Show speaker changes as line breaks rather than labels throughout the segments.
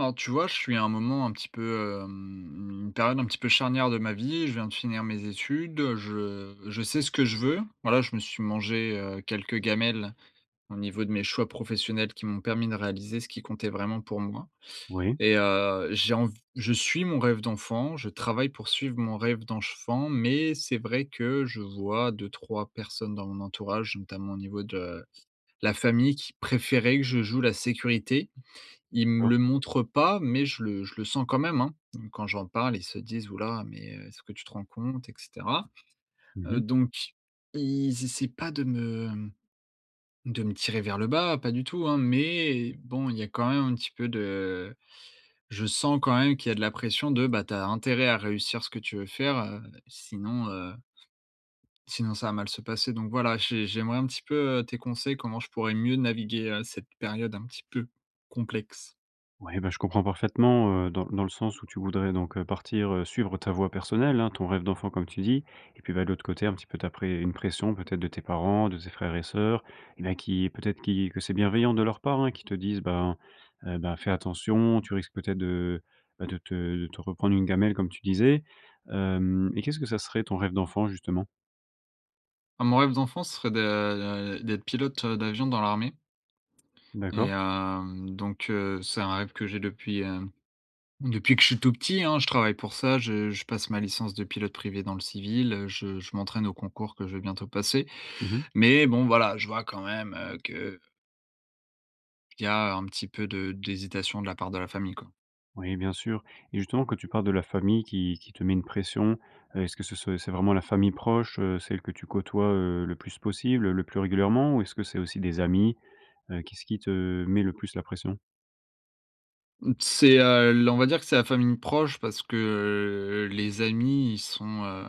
Alors tu vois, je suis à un moment un petit peu, hem une période un petit peu charnière de ma vie, je viens de finir mes études, heu, je je sais ce que je veux. Bah là, je me suis mangé, heu, quelques gamelles au niveau de mes choix professionnels qui m'ont permis de réaliser ce qui comptait vraiment pour moi
Oui.
et heu, j'ai env je suis mon rêve d'enfant, je travaille pour suivre mon rêve d'enfant, mais c'est vrai que je vois 2-3 personnes dans mon entourage, notamment au niveau de la famille qui préféraient que je joue la sécurité. Ils me
D'accord.
le montrent pas, mais je le je le sens quand même, hein. Quand j'en parle, ils se disent: «Ouh là, mais heu, est-ce que tu te rends compte, et cetera».
Mmh
Heu,
mh.
donc ils essayent pas de me, mmh de me tirer vers le bas, pas du tout hein, mais bon, il y a quand même un petit peu de je sens quand même qu'il y a de la pression de «Bah tu as intérêt à réussir ce que tu veux faire, heu, sinon heu» «sinon ça va mal se passer», donc voilà j'ai j'aimerais un petit peu, heu, tes conseils comment je pourrais mieux naviguer, heu, cette période un petit peu complexe.
Oui bah je comprends parfaitement, heu, dans dans le sens où tu voudrais donc heu, partir, heu, suivre ta voie personnelle, hein, ton rêve d'enfant comme tu dis. Et puis ben, de l'autre côté un petit peu ta près une pression peut-être de tes parents, de tes frères et sœurs, mais qui peut-être qui que c'est bienveillant de leur part hein, qui te disent: «bah heu, bah fais attention, tu risques peut-être de bah de te de te reprendre une gamelle comme tu disais». Hem et qu'est-ce que ça serait ton rêve d'enfant justement?
Ah mon rêve d'enfant se serait de, heu d'être pilote, heu, d'avion dans l'armée. Et
D'accord.
hem donc heu, c'est un rêve que j'ai depuis, hem, depuis que je suis tout petit hein. Je travaille pour ça, je je passe ma licence de pilote privé dans le civil, heu, je je m'entraîne au concours que je vais bientôt passer,
Mmh mh.
mais bon, voilà, je vois quand même, heu, que qu'il y a un petit peu de d'hésitation de la part de la famille, quoi.
Oui, bien sûr et justement que tu parles de la famille qui qui te met une pression. Heu, est ce que ce ce c'est vraiment la famille proche, heu, celle que tu côtoies, heu, le plus possible, le plus régulièrement? Ou est ce que c'est aussi des amis? Heu, qu'est-ce qui te met le plus la pression?
Mmh. C'est, heu, l on va dire que c'est la famille proche parce que, heu, les amis, ils sont, heu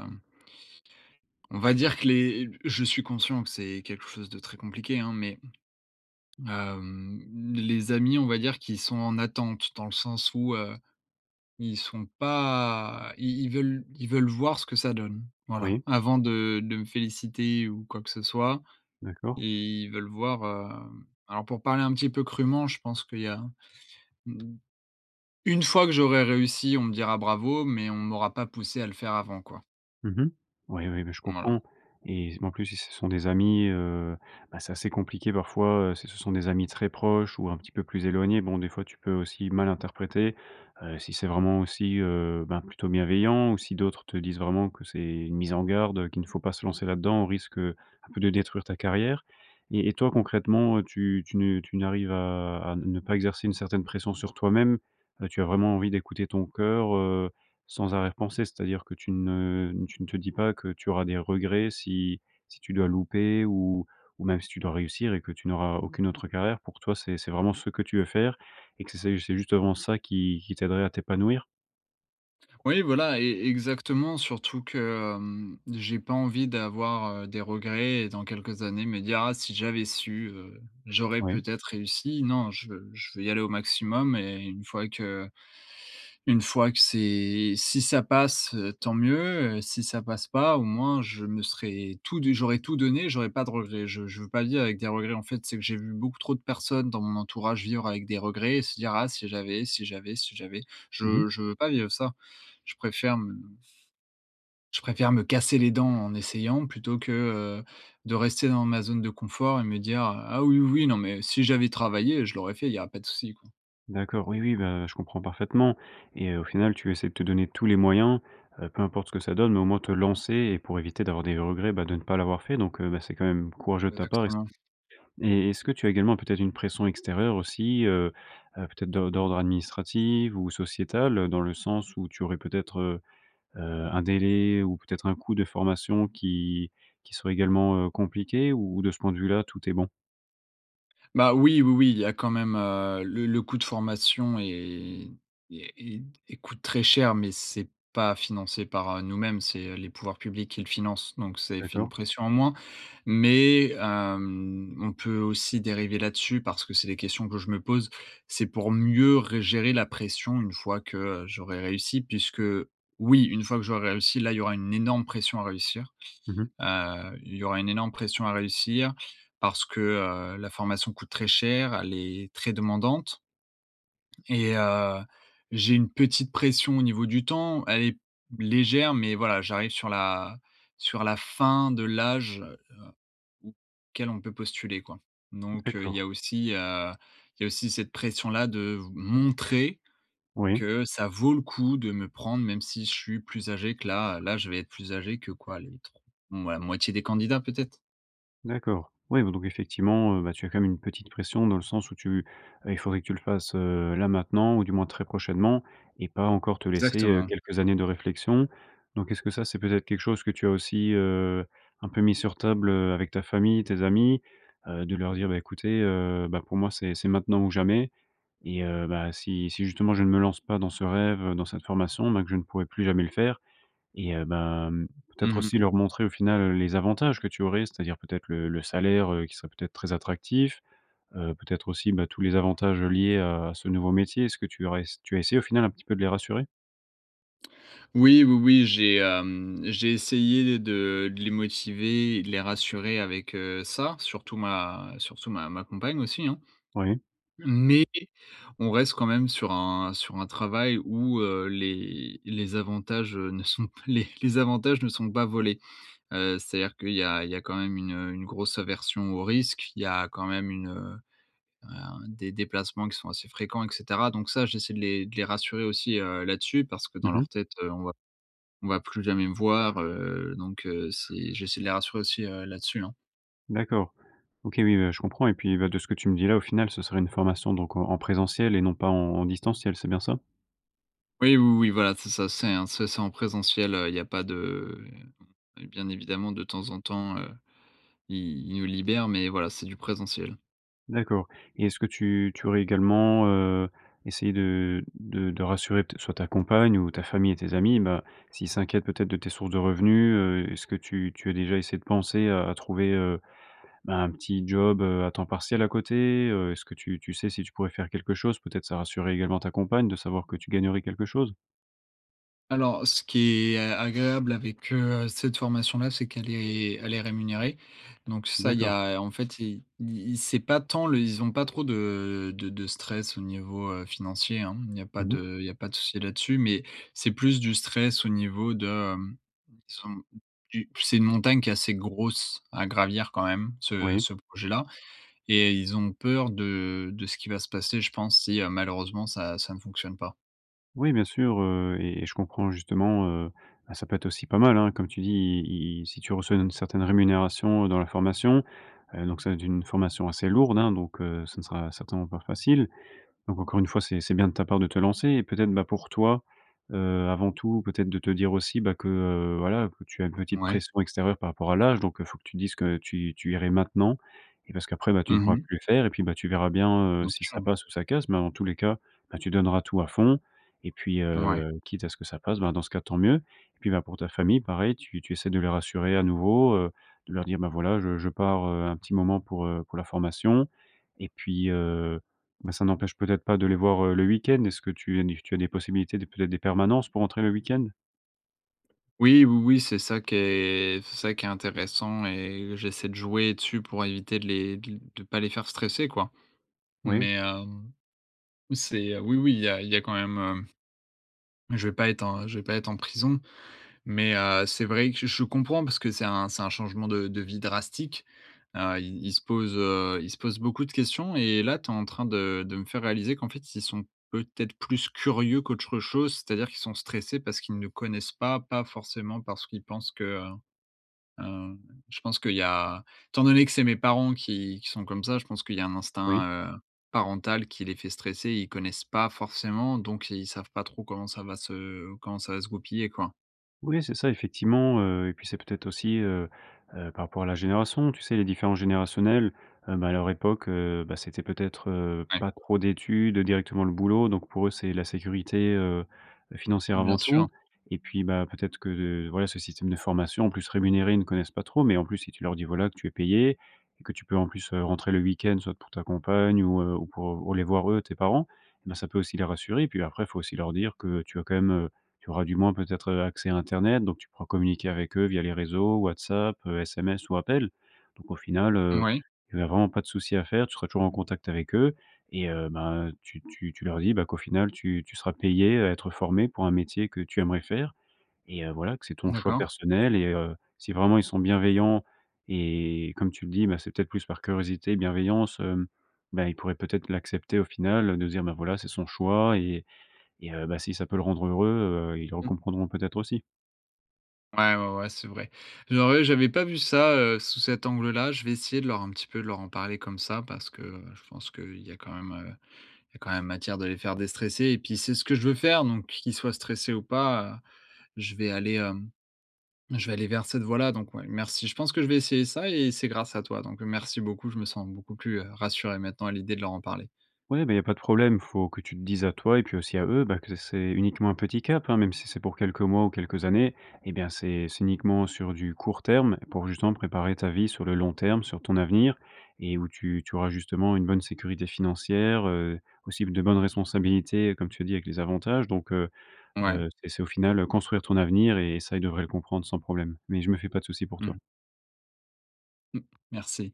on va dire que les, heu, b je suis conscient que c'est quelque chose de très compliqué, hein, mais hem, les amis, on va dire qu'ils sont en attente, dans le sens où heu, ils sont pas i ils veulent ils veulent voir ce que ça donne, voilà,
Oui.
avant de de me féliciter ou quoi que ce soit
D'accord.
et ils veulent voir, hem alors pour parler un petit peu crûment, je pense qu'il y a, mmh, une fois que j'aurais réussi on me dira «bravo» mais on m'aura pas poussé à le faire avant, quoi.
Mmh mh. Ouais, oui, beh je
Voilà.
comprends et s b en plus, si ce sont des amis, heu, ben, c'est assez compliqué parfois, heu, si ce sont des amis très proches ou un petit peu plus éloignés. Bon, des fois, tu peux aussi mal interpréter, heu, si c'est vraiment aussi, heu, ben plutôt bienveillant ou si d'autres te disent vraiment que c'est une mise en garde, heu, qu'il ne faut pas se lancer là-dedans, au risque, heu, un peu de détruire ta carrière et et toi, concrètement, heu, tu tu ne tu n'arrives à à ne ne pas exercer une certaine pression sur toi-même? Heu, tu as vraiment envie d'écouter ton cœur, heu, sans arrière pensée? C'est-à-dire que tu ne n tu ne te dis pas que tu auras des regrets si si tu dois louper ou ou même si tu dois réussir et que tu n'auras aucune autre carrière? Pour toi, c'est c'est vraiment ce que tu veux faire et que c c'est, c'est justement ça qui qui t'aiderait à t'épanouir?
Oui voilà e exactement surtout que, hem, j'ai pas envie d'avoir, heu, des regrets dans quelques années me dire: «Ah si j'avais su, heu, j'aurais
Oui.
peut-être réussi». Non, je veux je veux y aller au maximum et une fois que une fois que c'est si ça passe, heu, tant mieux, heu, si ça passe pas, au moins je me serais tout du j'aurais tout donné, j'aurais pas de regrets. Je je veux pas vivre avec des regrets, en fait, c'est que j'ai vu beaucoup trop de personnes dans mon entourage vivre avec des regrets, se dire: «Ah si j'avais, si j'avais, si j'avais».
Mmh mh.
Je je veux pas vivre ça. Je préfère m je préfère me casser les dents en essayant plutôt que, heu, de rester dans ma zone de confort et me dire, heu: «Ah oui, oui, oui, non, mais si j'avais travaillé, je l'aurais fait, il y a pas de souci, quoi».
D'accord oui, oui, bah heu, je comprends parfaitement et heu, au final tu essaies de te donner tous les moyens, heu, peu importe ce que ça donne au moins te lancer et pour éviter d'avoir des regrets, bah, de ne pas l'avoir fait donc heu, bah, c'est quand même courageux de ta part et c
Exactement.
et est-ce que tu as également peut-être une pression extérieure aussi, heu heu, peut-être de d'ordre administrative ou sociétal, heu, dans le sens où tu aurais peut-être, heu heu, un délai ou peut-être un coût de formation qui qui serait également, heu, compliqué ou de ce point de vue là tout est bon?
Bah oui, oui, oui il y a quand même, heu, le le coût de formation et et et t et coûte très cher mais c'est pas financé par, heu, nous-mêmes c'est les pouvoirs publics qui le finance donc c'est fi une
D'accord.
pression, en moins. Mais hem, on peut aussi dériver là-dessus parce que c'est des questions que je me pose. C'est pour mieux re gérer la pression une fois que j'aurais réussi puisque oui, une fois que j'aurais réussi, là, il y aura une énorme pression à réussir.
Mmh mh.
Heu, il y aura une énorme pression à réussir parce que, heu, la formation coûte très cher, elle est très demandante et heu, j'ai une petite pression au niveau du temps, elle est légère, mais voilà, j'arrive sur la sur la fin de l'âge, heu, où quel on peut postuler quoi donc heu, il y
D'accord.
a aussi, heu il y a aussi cette pression-là de v montrer
Oui.
que ça vaut le coup de me prendre même si je suis plus âgé que la là je vais être plus âgé que quoi les tr ouais la moitié des candidats, peut-être.
D'accord, oui, bah donc, effectivement, heu bah, tu as quand même une petite pression dans le sens où, tu, heu, il faudrait que tu le fasses, heu, là maintenant, ou du moins très prochainement, et pas encore te laisser, heu,
Exactement.
quelques années de réflexion. Donc est-ce que ça, c'est peut-être quelque chose que tu as aussi, heu, un peu mis sur table, heu, avec ta famille, tes amis? Heu, de leur dire: «Bah écoutez, heu, bah, pour moi c'est c'est maintenant ou jamais et heu, bah, si si justement, je ne me lance pas dans ce rêve, dans cette formation, bah que je ne pourrais plus jamais le faire» et heu, bah mmh, peut-être
Mmh
aussi
mh.
leur montrer au final les avantages que tu aurais, c'est à dire, peut-être, le le salaire, heu, qui serait peut-être très attractif. Heu, peut-être, aussi, bah, tous les avantages liés à ce nouveau métier. Est ce que tu aurais ess tu as essayé au final un petit peu de les rassurer?
Oui, oui, oui j'ai, hem j'ai essayé de les motiver et de les rassurer avec, heu, ça, surtout ma surtout ma ma compagne aussi, hein.
Oui.
Mais on reste quand même sur un sur un travail où, heu, les les avantages, heu, ne sont, pas les les avantages ne sont pas volés. Heu, c'est-à-dire qu'il y a il y a quand même une, heu une grosse aversion au risque. Il y a quand même une heu heu, des déplacements qui sont assez fréquents et cetera. Donc ça, j'essaie de les de les rassurer aussi, heu, là-dessus, parce que dans
Mmh
leur
mh.
tête, heu, on va on va plus jamais me voir, heu, donc heu, c'est j'essaie de les rassurer aussi, heu, là-dessus hein.
D'accord. OK. Oui, bah, je comprends, et puis, bah, de ce que tu me dis là au final, ce serait une formation donc en en présentiel et non pas en en distanciel, c'est bien ça?
Oui, oui oui, voilà c'est ça, c'est un ça c'est en présentiel heu, il y a pas de, heu, bien évidemment de temps en temps, heu, ils ils nous libèrent, mais voilà c'est du présentiel.
D'accord, et est-ce que tu tu aurais également, heu, essayé de de de rassurer pt soit ta compagne ou ta famille et tes amis? Ben, s'ils s'inquiètent peut-être de tes sources de revenus, heu, est-ce que tu tu as déjà essayé de penser, heu, à trouver, heu, bah, un petit job, heu, à temps partiel à côté? Heu, est-ce que tu tu sais si tu pourrais faire quelque chose? Peut-être ça rassurerait également ta compagne de savoir que tu gagnerais quelque chose?
Alors, ce qui est a agréable avec, heu, cette formation là, c'est qu'elle est elle est rémunérée, donc ça, il y
D'accord.
a, en fait i i i c'est pas tant le ils ont pas trop de de de stress au niveau, heu, financier hein, hem, il n'y a pas
Mmh mh.
de il y a pas de souci là-dessus, mais c'est plus du stress au niveau de, hem disons, qu'u c'est une montagne qui est assez grosse, à gravir quand même ce
Oui.
ce projet là, et ils ont peur de de ce qui va se passer, je pense, si malheureusement ça ça ne fonctionne pas.
Oui bien sûr, heu, et et je comprends justement, heu, bah, ça peut être aussi pas mal hein, comme tu dis, i i si tu reçois une certaine rémunération dans la formation. Heu, donc ça va être une formation assez lourde hein, donc heu, ce ne sera certainement pas facile. Donc encore une fois c'est c'est bien de ta part de te lancer. Et peut être, bah, pour toi, heu, avant tout, peut-être de te dire aussi, bah, que, heu, voilà, que tu as une petite
Ouais.
pression extérieure par rapport à l'âge, donc heu, il faut que tu dises que tu tu irais maintenant, et parce qu'après, bah, tu ne
Mmh
pourras
mh.
plus le faire, et puis, bah, tu verras bien, heu,
Non, c'est
si ça
sûr.
passe ou ça casse, mais en tous les cas, bah, tu donneras tout à fond, et puis,
Ouais.
heu, quitte à ce que ça passe, bah dans ce cas, tant mieux, et puis bah, pour ta famille, pareil, tu tu essaies de les rassurer à nouveau, heu, de leur dire: «bah, voilà je je pars, heu, un petit moment pour, heu, pour la formation» et puis, heu, ben, ça n'empêche peut être pas de les voir, heu, le week-end. Est ce que tu tu as des possibilités, de peut être, des permanences pour entrer le week-end?
Oui, oui, oui, c'est ça qui est c'est ça qui est intéressant et j'essaie de jouer dessus pour éviter de les d de pas les faire stresser quoi.
Oui.
Mais hem, oui c'est oui, oui, il y a il y a quand même heu, je vais pas être, je vais pas être en prison mais heu, c'est vrai que je je comprends parce que c'est un c'est un changement de de vie drastique. Heu, ils ils se posent, heu, ils se posent beaucoup de questions et là, tu es en train de de me faire réaliser qu'en fait ils sont peut-être plus curieux qu'autre chose, c'est-à-dire qu'ils sont stressés parce qu'ils ne connaissent pas, pas forcément parce qu'ils pensent que heu hem, je pense qu'il y a étant donné que c'est mes parents qui qui sont comme ça, je pense qu'il y a un
Oui.
instinct, heu, parental qui les fait stresser. Ils connaissent pas forcément donc ils savent pas trop comment ça va se comment ça va se goupiller, quoi.
Oui c'est ça, effectivement, heu, et puis c'est peut-être aussi, heu heu, par rapport à la génération. Tu sais, les différences générationnels, heu, ben, à leur époque, heu, bah, c'était, peut-être, heu,
Ouais.
pas trop d'études, directement le boulot. Donc pour eux, c'est la sécurité, heu, financière
Bien
avant
sûr.
tout. Et puis bah, peut-être que, voilà, ce système de formation, en plus rémunéré, ils ne connaissent pas trop. Mais en plus, si tu leur dis voilà, que tu es payé et que tu peux en plus, heu, rentrer le week-end soit pour ta compagne ou, heu ou pour, heu, les voir, eux, tes parents, bah ça peut aussi les rassurer. Puis après, il faut aussi leur dire que tu as quand même, heu, tu auras du moins, peut-être accès à Internet, donc tu pourras communiquer avec eux, via les réseaux WhatsApp, SMS ou appels. Donc au final, heu,
Mouais.
tu as vraiment pas de souci à faire, tu seras toujours en contact avec eux et heu, ben, tu tu tu leur dis, bah, qu'au final, tu tu seras payé à être formé pour un métier que tu aimerais faire et heu, voilà, que c'est ton choix
D'accord.
personnel et heu, si vraiment ils sont bienveillants et comme tu le dis, ben, c'est peut être plus par curiosité, bienveillance, hem, ben ils pourraient peut être l'accepter au final de se dire: «Bah voilà, c'est son choix et et heu, bah, si ça peut le rendre heureux», heu, ils le re
Mmh.
comprendront, peut être, aussi.
Ouais, ouais, ouais, c'est vrai. J'aurais j'avais pas vu ça, heu, sous cet angle là. Je vais essayer de leur un petit peu de leur en parler comme ça parce que, heu, je pense qu'il y a quand même, heu, il y a quand même matière de les faire déstresser. Et puis c'est ce que je veux faire donc qu'ils soient stressés ou pas, je vais aller hem, je vais aller vers cette voie-là. Donc, ouais, merci je pense que je vais essayer ça et c'est grâce à toi donc heu, merci beaucoup je me sens beaucoup plus, heu, rassuré maintenant à l'idée de leur en parler.
Ouais, beh, il y a pas de problème, il faut que tu te dises à toi, et puis aussi à eux, bah que c'est uniquement un petit cap hein, même si c'est pour quelques mois ou quelques années, et bien c'est c'est uniquement sur du court terme pour justement préparer ta vie sur le long terme, sur ton avenir. Et où tu tu auras justement une bonne sécurité financière, heu, aussi de bonnes responsabilités, comme tu as dit, avec les avantages donc heu
Ouais.
heu, c'est c'est au final construire ton avenir et ça ils devraient le comprendre sans problème, mais je me fais pas de souci pour toi.
Mmh. M merci.